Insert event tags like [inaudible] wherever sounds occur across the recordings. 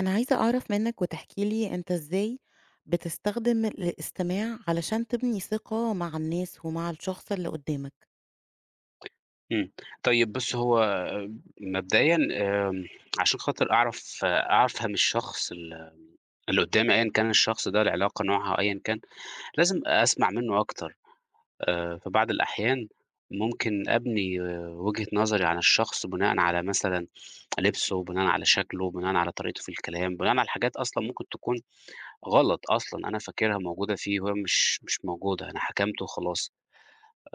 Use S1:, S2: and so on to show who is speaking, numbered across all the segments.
S1: أنا عايزة أعرف منّك، وتحكي لي أنت إزاي بتستخدم اله إستماع علشان تبني ثقة مع الناس ومع الشخص اللي قدّامك؟
S2: إمم، طيب بُصّي، هو آآ، مبدئيًا آآ، عشان خاطر أعرف، أع أفهم الشخص ال اللي قدّامي، أيًا كان الشخص ده العلاقة نوعها أيًا كان، لازم أسمع منّه أكتر آآ، في بعض الأحيان، ممكن أبني وجهة نظري عن الشخص بناءً على مثلًا [tsk] لِبسُه، بناءً على شكلُه، بناءً على طريقتُه في الكلام، بناءً على حاجات أصلًا ممكن تكون غلط أصلًا، أنا فاكرها موجودة فيه وهي مش، مش موجودة، أنا حَكمت وخلاص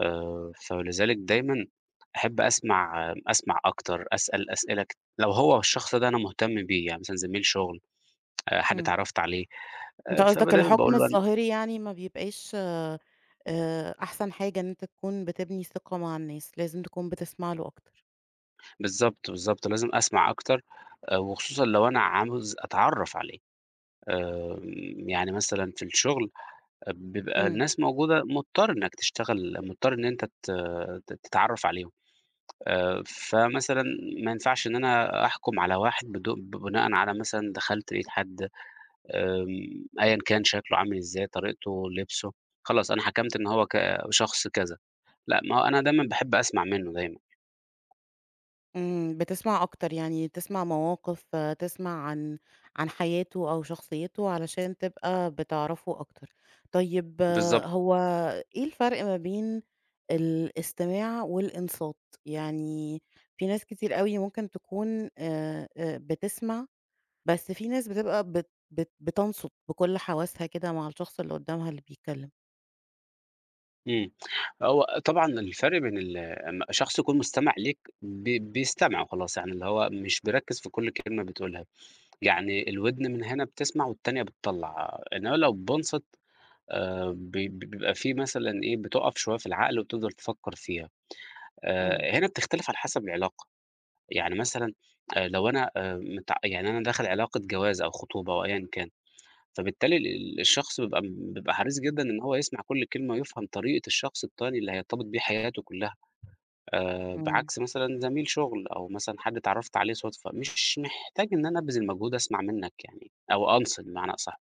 S2: آآ، ف لذلك دايمًا أحِب أسمع م أسمع أكتر، أسأل أسئلة كت لو هو الشخص ده أنا مُهتم بيه يعني كان زميل شُغل آآ، [tsk] حد
S1: إمم.
S2: اتعرّفت عليه
S1: أنت
S2: آآ، فب
S1: قصدك
S2: دايمًا
S1: الحُكم
S2: باقول له أن
S1: الظاهري يعني ما بيبقاش آآ، أحسن حاجة إن أنت تكون بتبني ثقة مع الناس، لازم تكون بتسمع له أكتر.
S2: بالضبط، بالضبط لازم أسمع أكتر آآ، وخصوصًا لو أنا عاوز أتعرّف عليه آآ، يعني مثلًا في الشُغل آآ، بيبقى
S1: إمم.
S2: الناس موجودة مضطر إنّك تشتغل، مضطر إن أنت ت ت تتعرّف عليهم آآ، فمثلًا ما ينفعش إن أنا أحكم على واحد بدو ب بناءً على مثلًا دخلت لقيت حد آمم، أيًا كان شكلُه عامل إزاي، طريقتُه، لِبسُه، خلاص أنا حَكمت إن هو ك شخص كذا، لأ، ما هو أنا دايمًا باحب أسمع منُّه دايمًا.
S1: إمم، بتسمَع أكتر، يعني تسمَع مَواقِف، تسمَع عن عن حياته أو شخصيته، علشان تبقى بتعرفه أكتر. طيب
S2: بالضبط.
S1: هو إيه الفرق ما بين الاستماع والإنصات؟ يعني في ناس كتير أوي ممكن تكون آآ بتسمَع، بس في ناس بتبقى بت بت بتنصُت بكُل حواسها كده مع الشخص اللي قدامها اللي بيتكلم.
S2: إمم، هو طبعًا الفرق بين ال م شخص يكون مُستمِع ليك، ب بيستمِع وخلاص، يعني اللي هو مش بيركز في كُل كلمة بتقولها، يعني الودن مِن هِنا بتسمَع والتانية بتطّلع، إنما لو بينصِت آآ ب ب بيبقى في مثلًا إيه، بتُقف شوية في العقل وتفضَل تفكّر فيها،
S1: إمم.
S2: آآ، هِنا بتختلف على حسب العلاقة، يعني مثلًا آآ لو أنا آآ مت يعني أنا داخل علاقة جواز أو خُطوبة أو أيًا كان، فبالتالي ال الشخص بيبقى بيبقى حريص جدًا إن هو يسمَع كُل كلمة ويفهم طريقة الشخص التاني اللي هيرتبط بيه حياته كلها آآ،
S1: إمم.
S2: بعكس مثلًا زَميل شُغل أو مثلًا حد اتعرّفت عليه صُدفة، مش محتاج إن أنا أبذل مجهود أسمَع منك يعني، أو أنصِت بمعنى أصح،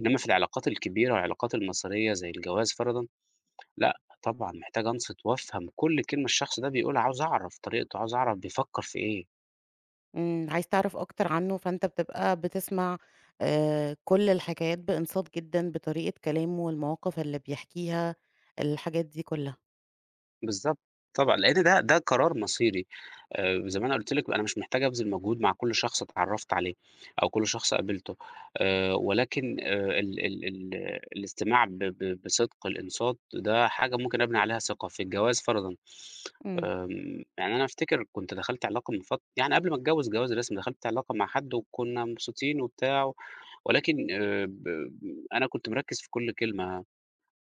S2: إنما في العلاقات الكبيرة والعلاقات المَصيرية زي الجواز فرضًا، لأ، طبعًا محتاج أنصِت وأفهم كُل كلمة الشخص ده بيقولها، عاوز أعرف طريقته، عاوز أعرف بيفكر في إيه.
S1: إمم، عايز تِعرَف أكتر عنه، فأنت بتبقى بتِسمَع آآ، كُلّ الحكايات بإنصات جدًا، بطريقة كلامه والمواقف اللي بيحكيها، الحاجات دي كلها.
S2: بالضبط، طبعًا، لأن ده، ده قرار مصيري، آآ، زي ما أنا قُلت لِك أنا مش محتاج أبذل مجهود مع كُلّ شخص اتعرّفت عليه، أو كُلّ شخص قابلته، آآ، ولكن آآ، ال ال ال آآ، الاستماع ب بصِدق الإنصات، ده حاجة ممكن أبني عليها ثقة، في الجواز فَرَضًا،
S1: إمم.
S2: آمم، يعني أنا أفتكر كنت دَخَلت علاقة من فت يعني قبل ما أتجوّز جواز رسمي، دَخَلت علاقة مع حد وكنا مبسوطين وبتاع، ولكن آآ ب أنا كنت مِركِّز في كُلّ كلمة،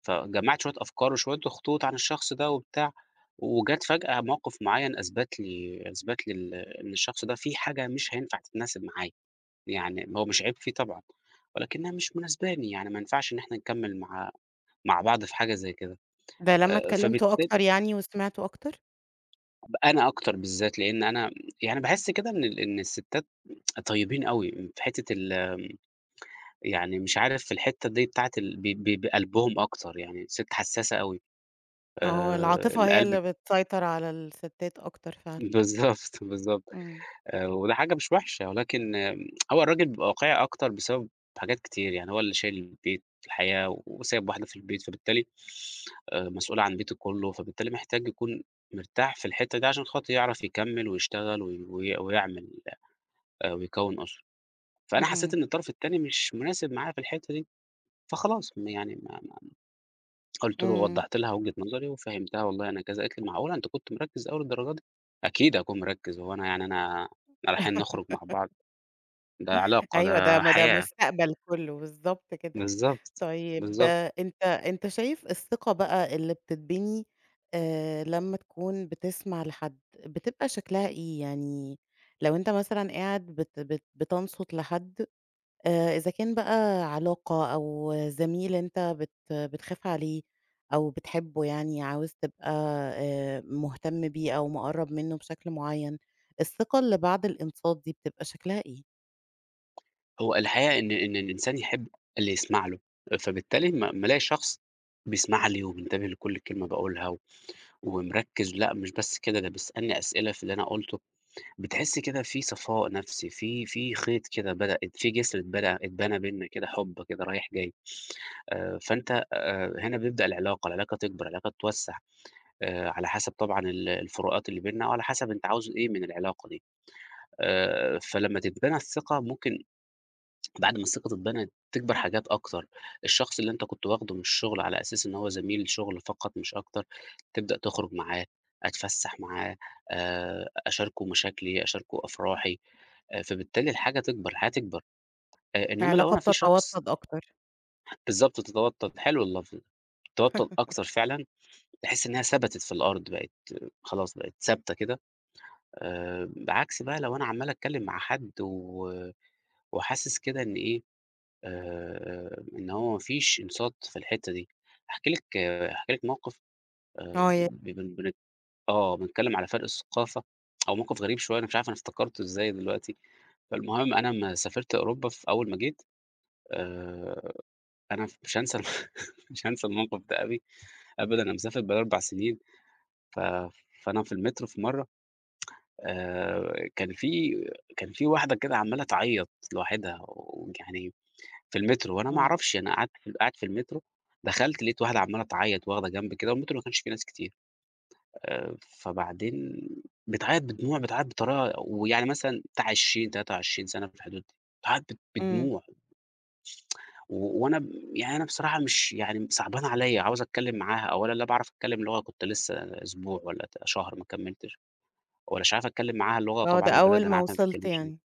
S2: فجمّعت شوية أفكار وشوية خطوط عن الشخص ده وبتاع، وجَت فجأة مَوقِف معيّن أثبت لي أثبت لي ال إن الشخص ده فيه حاجة مش هينفع تتناسب معايا، يعني ما هو مش عيب فيه طبعًا، ولكنها مش مناسباني، يعني ما ينفعش إن إحنا نكمّل مع مع بعض في حاجة زي كده،
S1: ده لمّا
S2: آآ،
S1: اتكلمتوا
S2: فبالتا
S1: أكتر يعني وسمعته أكتر؟
S2: ب أنا أكتر بالذات، لأن أنا يعني باحس كده إن ال إن الستات [tsk] طيبين أوي في حتّة ال يعني مش عارف في الحتّة دي بتاعة ال ب بقلبهم أكتر، يعني الست حساسة أوي،
S1: آه،
S2: آآ،
S1: العاطفة هي
S2: القلب
S1: اللي بتسيطر على الستات أكتر فعلًا.
S2: بالضبط، بالضبط.
S1: إمم.
S2: آآ، وده حاجة مش وحشة، ولكن [tsk] هو الراجل بيبقى واقعي أكتر بسبب حاجات كتير، يعني هو اللي شايل البيت، الحياة، وسايب واحدة في البيت، فبالتالي آآ، مسؤولة عن بيته كُلّه، فبالتالي محتاج يكون مرتاح في الحتة دي، عشان خاطر يِعرَف يكمِّل ويشتغل وي ويعمل آآ ويكوِّن أسرة، فأنا حسيت
S1: اهم.
S2: إن الطرف التاني مش مناسب معايا في الحتّة دي، فخلاص، يعني ما ما قُلت له
S1: إمم.
S2: ووضحّت لها وجهة نظري وفهّمتها والله أنا كذا، قالت لي: "معقولة! أنت كنت مركِّز أوي للدرجة دي؟" أكيد هاكون مِرَكِّز، هو أنا يعني أنا، إحنا رايحين نُخرُج مع بعض! ده علاقة،
S1: أيوه ده
S2: ده
S1: ما ده
S2: حياة.
S1: مستقبل كُلّه بالضبط كده.
S2: بالضبط،
S1: طيب
S2: بالضبط.
S1: أنت أنت شايف الثقة بَقى اللي بتتبني آآ، لمّا تكون بتسمع لحد بتبقى شكلها إيه؟ يعني لو أنت مثلًا قاعد بت بت بتنصت لحد آآ، إذا كان بَقى علاقة أو زميل أنت بت بتخاف عليه أو بتحبه يعني، عاوز تبقى آآ، مهتم بيه أو مقَرَّب منه بشكل معيّن، الثقة اللي بعد الإنصات دي بتبقى شكلها إيه؟
S2: هو الحقيقة إن، إن الإنسان يحب اللي يسمع له، فبالتالي أما لمّا الاقي شخص بيسمع لي ومنتبه لكل كلمة باقولها، ومركز لأ مش بس كده، ده بيسألني أسئلة في اللي أنا قُلته، بتحس كده فيه صفاء نفسي، في، في خيط كده بدأت فيه جسر اتبنى، اتبنى بينا كده حب كده رايح جاي [sniffs] آآ، فأنت آآ، هنا بيبدأ العلاقة، العلاقة تكبر، العلاقة تتوّسع آآ، على حسب طبعًا ال الفروقات اللي بيننا أو على حسب أنت عاوز إيه من العلاقة دي، آآ، فلمّا تتبنى الثقة ممكن [swallows] بعد ما الثقة تتبنى تكبر حاجات أكتر، الشخص اللي أنت كنت واخده من الشغل على أساس إن هو زميل شغل فقط مش أكتر، تبدأ تخرج معاه أتفسح معاه آآ، أشاركه مشاكلي، أشاركه أفراحي آآ، فبالتالي الحاجة تكبر الحياة تكبر آآ، إنّما لو
S1: العلاقة
S2: أنا في شخص
S1: بتتوطد أكتر.
S2: بالضبط تتوطّد، حلو اللفظ ده، تتوطد
S1: [laughs]
S2: أكتر فعلًا، تحس إنها ثبتت في الأرض بقِت خلاص، بقِت ثابتة كده آآ، بعكس بقى لو أنا عمّال أتكلم مع حد و وحاسس كده إن إيه آآ، آآ إن هو ما فيش إنصات في الحتّة دي هاحكي لِك آآ، هاحكي لِك موقف آآ،
S1: آه، ي
S2: ب ب آه بنتكلم على فرق الثقافة [tsk] هو موقف غريب شوية أنا مش عارف أنا افتكرته إزاي دلوقتي، فالمهم أنا لمّا سافرت أوروبا في أول ما جيت، آآ، أنا مش هانسى [laughs] مش هانسى الموقف ده أوي أبدًا أنا مسافر بقى لي 4 سنين، ف فأنا في المترو في مرّه [tsk] آآ، كان في كان في واحدة كده عمّالة تعيط لوحدها، ويعني في المترو وأنا ما
S1: إمم.
S2: أعرفش أنا قعدت قاعد في المترو دخلت لقيت واحدة عمّالة تعيط، واخدة جنب كده، والمترو ما كانش فيه ناس كتير آآ، فبعدين بتعيط بدموع، بتعيط بطريقة ويعني مثلًا بتاع 20 23 سنة في الحدود دي، بتعيط ب
S1: إمم.
S2: بدموع. [tsk] و وأنا يعني أنا بصراحة مش يعني صعبانة عليَّ، عاوز أتكلم معاها أولًا لا باعرف أتكلم لغة، كنت لسه أسبوع والَّا ت شهر ما كملتش، ومش عارف أتكلم معاها لغة
S1: آه، ده
S2: طبعًا البلد
S1: أول
S2: أنا
S1: ما
S2: عارف إنها ما
S1: وصلت
S2: بتتكلمش بيها
S1: يعني.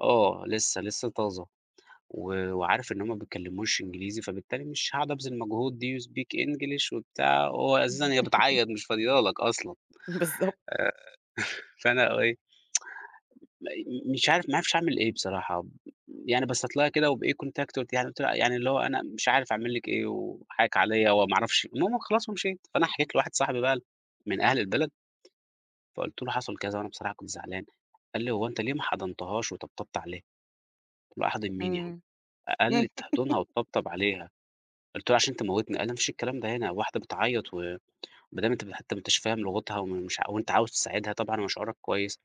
S2: آه لسه، لسه طازة و وعارف إن هم ما بيتكلموش إنجليزي فبالتالي مش هاقعد أبذل المجهود Do you speak English؟ وبتاع وهو أساسًا هي بتعيط
S1: [laughs]
S2: مش فاضية لك أصلًا
S1: بالضبط.
S2: آآ، [chuckles] فأنا إيه [tsk] م م مش عارف ما عرفتش أعمل إيه بصراحة، يعني بصيت لها كده وبإيه contact قُلت لها يعني قُلت لها يعني اللي هو أنا مش عارف أعمل لك إيه، وحقِّك عليَّ وما أعرفش المهم خلاص ومشيت، فأنا حكيت لواحد صاحبي بقى من أهل البلد. فقُلت له حصل كذا وأنا بصراحة كنت زعلان، قال لي: "هو أنت ليه ما حضنتهاش وطبطبت عليها؟" قُلت له: "أحضن مين يا عم؟"
S1: إمم.
S2: قال لي:
S1: [laughs]
S2: "تحضنها وتطبطب عليها" قُلت له: "عشان تموتني" قال لي: "لا ما فيش الكلام ده هنا واحدة بتعيط و وبدام أنت حتى أنت حتى مش فاهم لغتها ومش وأنت عاوز تساعدها طبعًا وشعورك كويس،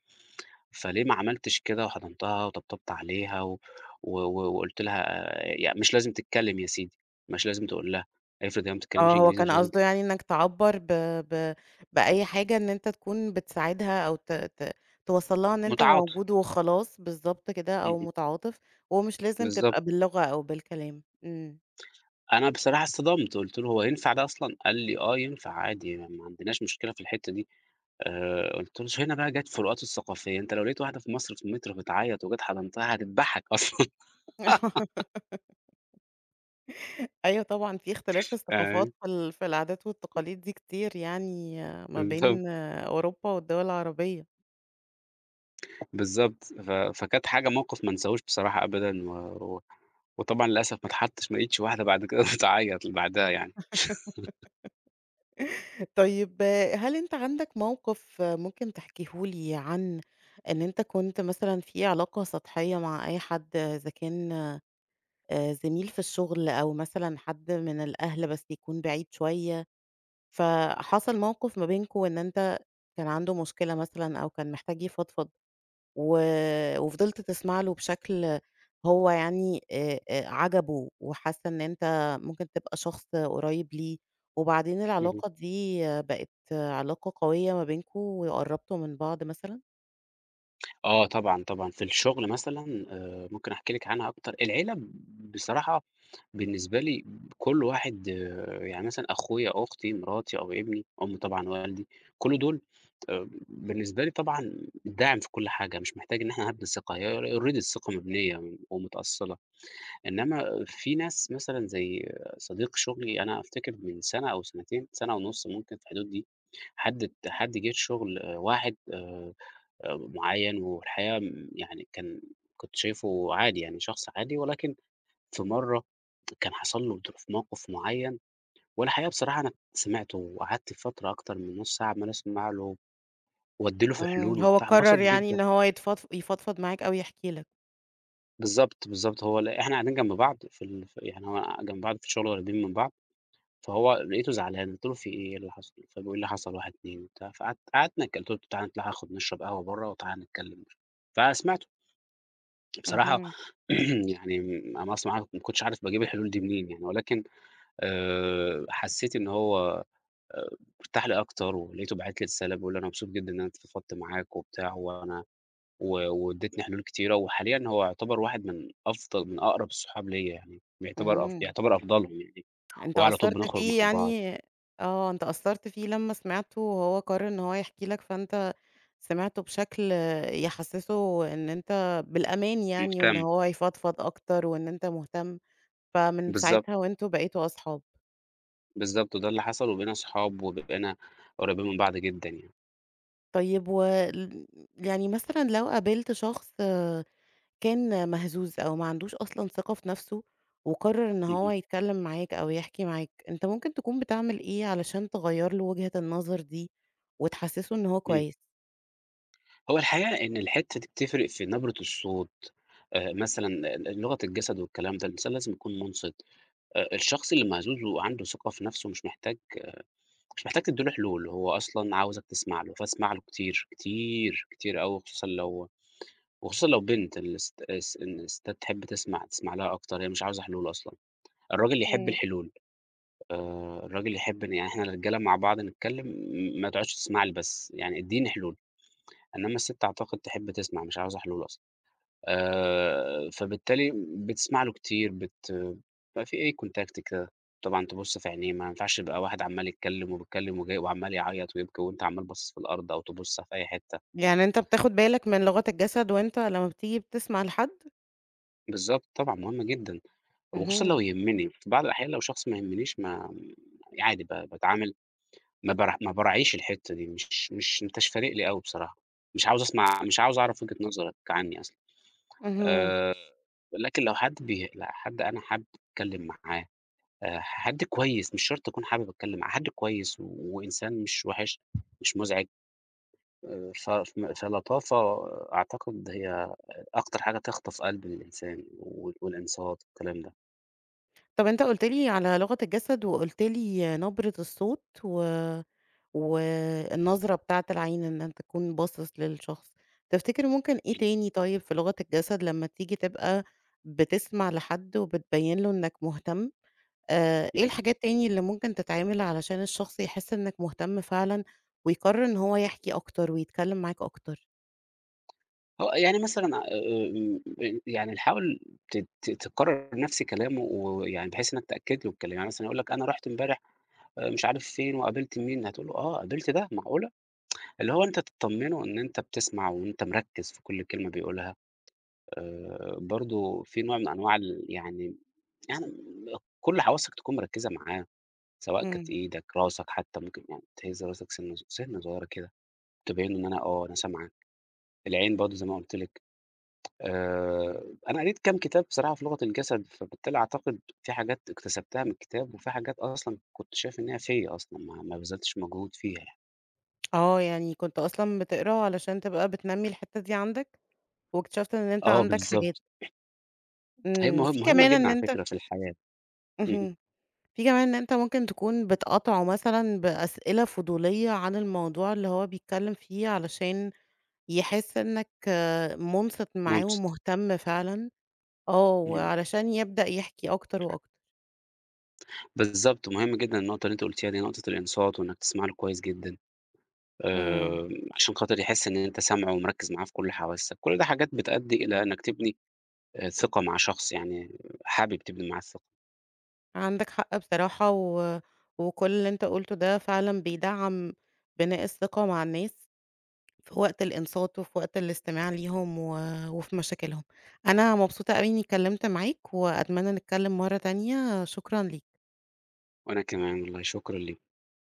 S2: فليه ما عملتش كده وحضنتها وطبطبت عليها؟ و و وقُلت لها آآ، يعني مش لازم تتكلم يا سيدي، مش لازم تقول لها، افرض هي ما بتتكلمش
S1: آه، هو
S2: إنجليزي
S1: كان
S2: مش لازم"
S1: قصده يعني إنك تعبّر ب ب بأي حاجة إن أنت تكون بتساعدها أو ت ت توصلّ لها إن أنت
S2: متعاطف.
S1: موجود وخلاص، بالضبط كده أو
S2: اهم.
S1: متعاطف، ومش لازم
S2: بالضبط.
S1: تبقى باللغة، أو بالكلام، إمم.
S2: أنا بصراحة اتصدمت، قُلت له: "هو ينفع ده أصلًا؟" قال لي: "آه ينفع عادي يعني ما عندناش مشكلة في الحتّة دي" آآ، قُلت له هنا بقى جَات الفروقات الثقافية أنت لو لقيت واحدة في مصر في المترو بتعيط وجيت حضنتها هتدبحك أصلًا. [laughs]
S1: [laughs] أيوه طبعًا، في اختلاف في الثقافات،
S2: فاهماني؟
S1: في ال في العادات والتقاليد دي كتير يعني ما
S2: امم، بالضبط.
S1: بين آآ، أوروبا والدول العربية.
S2: بالضبط، ف فكانت حاجة موقِف ما أنساهوش بصراحة أبدًا و و وطبعًا للأسف ما اتحطّش ما لقيتش واحدة بعد كده [laughs] تعيط لبعدها يعني. [laughs]
S1: [laughs] طيب، هل أنت عندك موقِف ممكن تحكيه لي عن إن أنت كنت مثلًا في علاقة سطحية مع أي حد إذا كان آآ، زميل في الشُغل أو مثلًا حد من الأهل بس يكون بعيد شوية فحصل موقف ما بينكم إن أنت كان عندُه مشكلة مثلًا أو كان محتاج يفضفض، و وفضلت تسمع له بشكل هو يعني آآ، آآ، عجبُه وحس إن أنت ممكن تبقى شخص قريّب ليه، وبعدين
S2: اهم.
S1: العلاقة دي بقِت علاقة قوية ما بينكم وقرّبتوا من بعض مثلًا؟
S2: آه، طبعًا، طبعًا في الشُغل مثلًا آآ، ممكن أحكي لِك عنها أكتر، العيلة ب بصراحة بالنسبة لي ب كل واحد يعني مثلًا أخويا، أختي، مراتي أو ابني، أمي طبعًا ووالدي، كل دُول آمم، بالنسبة لي طبعًا الداعم في كل حاجة، مش محتاج إن إحنا هابني ثقة هي ر already الثقة مبنية م ومُتأصّلة، إنّما آآ، في ناس مثلًا زي صديق شُغلي أنا أفتكر من سَنة أو سَنتين، سَنة ونُصّ ممكن في الحدود دي، حد بت حد جِه الشُغل آآ، واحد آآ، آآ، م معيّن والحقيقة م يعني كان كنت شايفُه عادي يعني شخص عادي، ولكن في مرّه [tsk] كان حصل له [unintelligible] في موقِف معيّن والحقيقة بصراحة أنا سمعتُه وقعدت فترة أكتر من نُصّ ساعة عَمّال أسمع له، وأدّي له في
S1: إمم،
S2: حلول
S1: هو
S2: وبتاع،
S1: قرّر
S2: اتبسط
S1: يعني
S2: جدًا.
S1: إن هو يتفضف يفضفض معاك أو يحكي لك.
S2: بالضبط، بالضبط. هو لق إحنا قاعدين جنب بعض في ال في يعني أنا جنب بعض في الشغل قُريبين من بعض، فهو لقيته زعلان قُلت له: "في إيه، إيه اللي حصَل؟"، فبيقول لي حصَل 1، 2 وبتاع، فقعدت قعدنا اتك قُلت له: "تعال ناخد نشرب قهوة برّا وتعال نتكلم ش"، فسِمعته. بصراحة
S1: اهم.
S2: [clears throat] يعني م أنا أصلًا مع ما كنتش عارف باجيب الحلول دي منين يعني، ولكن آآ حسيت إن هو آآ ارتاح لي أكتر ولقيته باعت لي رسالة بيقول لي: "أنا مبسوط جدًا إن أنا اتفضفضت معاك وبتاع وأنا و وادّيتني حلول كتيرة."، وحاليًا هو يُعتبر واحد من أفضَل من أقرَب الصحاب ليَّ يعني، بيعتبر أفض
S1: إمم.
S2: بيُعتبر أفضَلهم يعني،
S1: أنت
S2: وعلى طُول
S1: أثّرت
S2: بنخرُج مع
S1: فيه
S2: بعض.
S1: يعني آه أنت أثرت فيه لمّا سِمعته وهو قرر إن هو يحكي لك، فأنت سِمعته بشكل يحسسه إن أنت بالأمان يعني، وإن
S2: مهتم.
S1: هو يفضفض أكتر، وإن أنت مهتم، فمن
S2: بالضبط.
S1: ساعتها وأنتم بقيتم أصحاب.
S2: بالضبط، وده اللي حصَل وبقينا صحاب وبقينا قُريبين من بعض جدًا يعني.
S1: طيب وال يعني مثلًا لو قابلت شخص كان مهزوز أو ما عندوش أصلًا ثقة في نَفْسه، وقرر إن هو
S2: اهم.
S1: يتكلم معاك أو يحكي معاك، أنت ممكن تكُون بتعمل إيه علشان تغيّر له وجهة النظر دي وتحسسه إن هو
S2: إمم.
S1: كويس؟
S2: هو الحقيقة إن الحتّة دي بتفرق في نبرة الصوت آآ مثلًا ل ل لغة الجسد والكلام ده، الإنسان لازم يكون مُنصت آآ الشخص اللي مهزوز وعنده ثقة في نَفْسه مش محتاج مش محتاج تدّي له حلول، هو أصلًا عاوزك تسمع له، فاسمع له كتير، كتير، كتير أوي وخصوصًا لو وخصوصًا لو بنت، الست أس إن الستّات تحب تسمع، تسمع لها أكتر، هي مش عاوزة حلول أصلًا، الراجل يحب
S1: إمم.
S2: الحلول آآ الراجل يحب إن يعني إحنا الرجالة مع بعض نتكلم م ما تقعدش تسمع لي بس، يعني ادّيني حلول، إنمّا الست أعتقد تحب تسمع مش عاوزة حلول أصلًا آآ فبالتالي م بتسمع له كتير بت بيبقى في إيه Contact كده، طبعًا تبُص في عينيه، ما ينفعش يبقى واحد عَمّال يتكلم وبيتكلم وجاي وعَمّال يعيط ويبكي وأنت عَمّال باصص في الأرض أو تبُص في أي حتّة.
S1: يعني أنت بتاخد بالك من لغة الجسد وأنت لمّا بتيجي بتسمع لحد؟
S2: بالضبط طبعًا، مهم جدًا، وخصوصًا لو
S1: اهم.
S2: يهمّني، في بعض الأحيان لو شخص ما يهمنيش ما م عادي ب باتعامل، ما بر ما باراعيش الحتّة دي مش مش ما أنتاش فارق لي أوي بصراحة، مش عاوز أسمع، مش عاوز أعرف وجهة نظرك عنّي أصلًا
S1: اهم.
S2: آآ ولكن لو حد بيه لأ حد، أنا حد أتكلم معاه آآ حد كويس، مش شرط اكون حابب اتكلم معاه، حد كويس و وإنسان مش وِحِش، مش مزعِج آآ ف فم فلطافة أعتقد هي أ أكتر حاجة تخطف قلب الإنسان وال والإنصات والكلام ده.
S1: طَب أنت قلُت لي على لغة الجسد وقُلت لي نبرة الصوت و والنظرة بتاعة العين إن أنت تكون باصِص للشخص، تفتكر ممكن إيه تاني طيب في لغة الجسد لمّا تيجي تبقى بتسمع لحد وبتبيّن له إنّك مهتم، آآ إيه
S2: إمم.
S1: الحاجات تاني اللي ممكن تتعمل علشان الشخص يحس إنّك مهتم فعلًا ويقرّر إن هو يحكي أكتر ويتكلِّم معاك أكتر؟
S2: آه، يعني مثلًا آآ م آآ يعني حاول ت ت تكرّر نَفْس كلامه ويعني بحيث إنّك تأكد له الكلام. يعني مثلًا يقول لك أنا رُحت امبارح آآ مش عارف فين وقابلت مين، هتقول له آه، قابلت ده، معقولة؟ اللي هو أنت تطمّنه إن أنت بتسمع وإن أنت مركّز في كل كلمة بيقولها. آآ برضه في نوع من أنواع ال يعني يعني كل حواسّك تكون مركّزة معاه، سواء كانت
S1: إمم.
S2: إيدك، راسك حتّى ممكن يعني تهِز راسك سِنّة صغ سِنّة صغيرة كده، تبيّن له إن أنا آه، أنا سامعك. العين برضه زي ما قُلت لِك. آآ أنا قريت كام كتاب بصراحة في لغة الجسد، فبالتالي أعتقد فيه حاجات اكتسبتها من الكتاب وفي حاجات أصلًا كنت شايف إن هي فيّا أصلًا، ما ما بذلتش مجهود فيها يعني.
S1: آه، يعني كنت أصلًا بتقرا علشان تبقى بتنمّي الحتّة دي عندك واكتشفت إن أنت
S2: آه،
S1: عندك حاجات.
S2: بالضبط. هي
S1: إمم،
S2: مهم
S1: في
S2: مهمة
S1: كمان
S2: جدًا
S1: إن
S2: على
S1: أنت
S2: فكرة في الحياة. اهم.
S1: اهم. فيه كمان إن أنت ممكن تكون بتقاطعه مثلًا بأسئلة فضولية عن الموضوع اللي هو بيتكلِّم فيه علشان يحس إنّك مُنصِت معاه
S2: مُنصِت.
S1: ومهتم فعلًا، آه،
S2: إمم.
S1: وعلشان يبدأ يحكي أكتر وأكتر.
S2: يالضبط، مهم جدًا النقطة اللي أنتِ قلتيها دي، نقطة الإنصات وإنّك تسمع له كويس جدًا،
S1: إمم.
S2: آآ عشان خاطر يحس إن أنت سامعه ومركّز معاه في كل حواسّك. كل دي حاجات بتأدّي إلى أنّك تبني آآ ثقة مع شخص يعني حابب تبني معاه الثقة.
S1: عندك حق بصراحة، و وكل اللي أنت قُلته ده فعلًا بيدعَّم بناء الثقة مع الناس في وقت الإنصات وفي وقت الاستماع ليهم، و وفي مشاكلهم. أنا مبسوطة أوي إنّي اتكلِّمت معاك وأتمنّى نتكلِّم مرّة تانية، شكرًا ليك.
S2: وأنا كمان والله، شكرًا لي